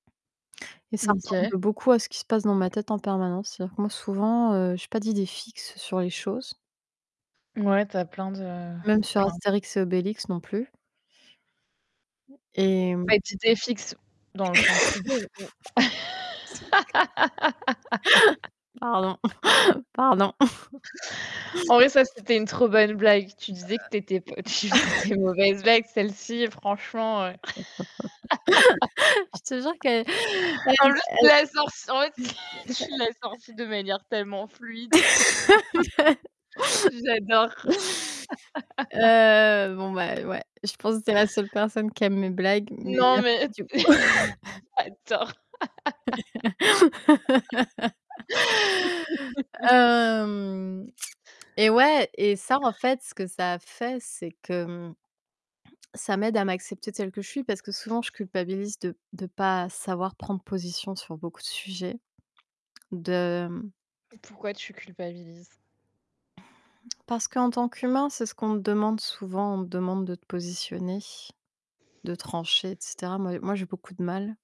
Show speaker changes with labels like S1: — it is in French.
S1: Et ça,
S2: OK.
S1: ressemble beaucoup, à ce qui se passe dans ma tête, en permanence. C'est-à-dire que moi, souvent, heu, j'ai pas d'idées fixes sur les choses,
S2: Ouais, tu as plein de
S1: Même sur
S2: plein.
S1: Astérix et Obélix, non plus. Et
S2: D'idées fixes, dans le sens idée ou.
S1: Pardon, pardon.
S2: En vrai ça c'était une trop bonne blague. Tu disais que tu étais que tu
S1: Heu
S2: faisais des mauvaises blagues, celle-ci franchement, heu
S1: Je te jure que, elle elle
S2: en plus, tu l'as sortie en fait, tu l'as sortie
S1: [unintelligible]
S2: de manière tellement fluide. J'adore.
S1: Heu, bon, ben, ouais, je pense que tu es la seule personne qui aime mes blagues, mais
S2: Non,
S1: merci
S2: mais
S1: du coup.
S2: j'adore.
S1: Hem, et ouais, et ça en fait, ce que ça fait, c'est que, mmh, ça m'aide à m'accepter, telle que je suis, parce que souvent, je culpabilise de de pas savoir prendre position sur beaucoup sujets, de
S2: Pourquoi, tu culpabilises?
S1: Parce qu'en tant qu'humain, c'est ce qu'on te demande souvent, on te demande de te positionner, de trancher, et cetera. Moi moi j'ai beaucoup de mal.